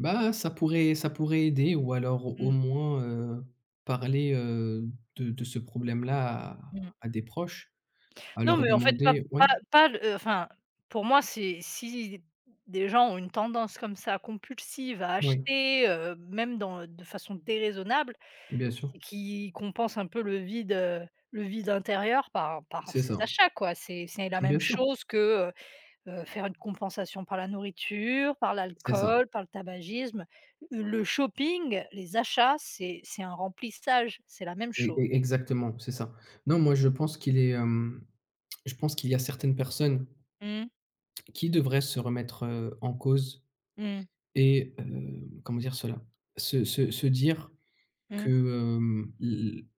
Bah, ça pourrait ça pourrait aider ou alors au Mmh. moins, heu, parler, heu, de de ce problème-là à Mmh. à des proches, à Non leur mais, en fait, pas demander pas ouais? pas le heu, enfin pour moi, c'est si des gens ont une tendance, comme ça, compulsive à Oui. acheter, heu, même dans de façon déraisonnable, Bien sûr. c'est qu'ils compensent un peu le vide, heu, le vide intérieur par par C'est ces ça. achats, quoi. C'est c'est la Bien même sûr. chose que, heu, heu, faire une compensation par la nourriture, par C'est ça. l'alcool, par le tabagisme. Le shopping, les achats c'est c'est un remplissage, c'est la même E cho e exactement, c'est ça. Non, moi, je pense qu'il est, hem, je pense qu'il y a certaines personnes Mmh. qui devraient se remettre, heu, en cause Mmh. et heu, comment dire cela? Se se se dire que, Mmh. hem, l l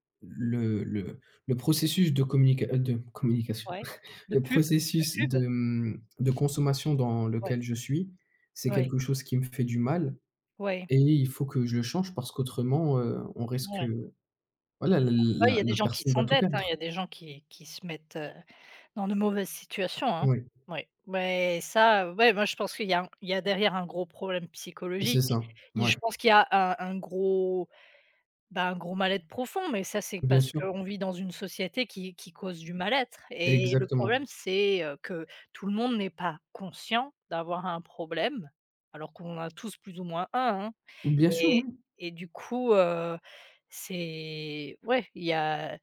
le le le processus de communica de communication Ouais. De le pub, de processus pub! de, mmh, de consommation dans Ouais. lequel je suis, c'est Ouais. quelque chose qui me fait du mal Ouais. et il faut que je le change parce qu'autrement, heu, on risque, Ouais. heu, voilà, la l Après, il y la a des la gens qui personne va tout s'endettent, hein. Il y perdre. a des gens qui qui se mettent, heu, dans de mauvaises situations, hein. Oui. Ouais, mais ça, ouais, moi, je pense qu'il y a un il y a derrière un gros problème C'est psychologique ça, et mouais. je pense qu'il y a un un gros, ben, un gros mal-être profond mais ça, c'est Bien parce sûr. qu'on vit dans une société qui qui cause du mal-être et le Exactement. problème c'est, heu, que tout le monde n'est pas conscient d'avoir un problème. Alors qu'on en a tous plus ou moins un, hein Bien sûr, et oui. et du coup, heu, c'est ouais il y a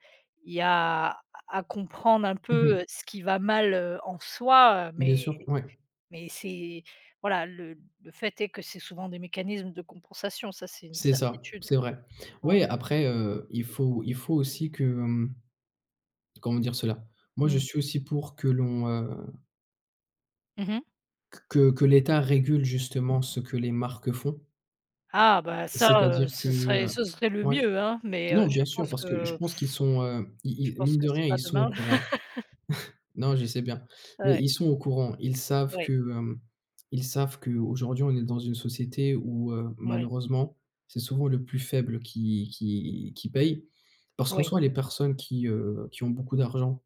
il y a à à comprendre un Mmh mh. peu ce qui va mal, heu, en soi Bien mais sûr, ouais. mais c'est voilà, le le fait est que c'est souvent des mécanismes de compensation, ça c'est une C'est ça, certitude. c'est vrai. Ouais. Ouais après, heu, il faut il faut aussi que, mmh, comment dire cela? Moi, je Mmh. suis aussi pour que l'on, heu Mmh mh. q que que l'État régule, justement, ce que les marques font. Ah bah, ça, heu, C'est-à-dire que, ce serait heu ce serait le ouais. mieux, hein, mais, heu, Non, je bien sûr, pense parce que je que pense qu'ils sont, heu, je ils ils pense mine que de rien, c'est pas ils sont au demain. courant. Non, je sais bien, mais Ouais. ils sont au courant. Ils savent que, Ouais. heu, ils savent qu'aujourd'hui, on est dans une société où, heu, Oui. malheureusement, c'est souvent le plus faible qui qui qui paye parce qu'en Oui. soit les personnes qui, heu, qui ont beaucoup d'argent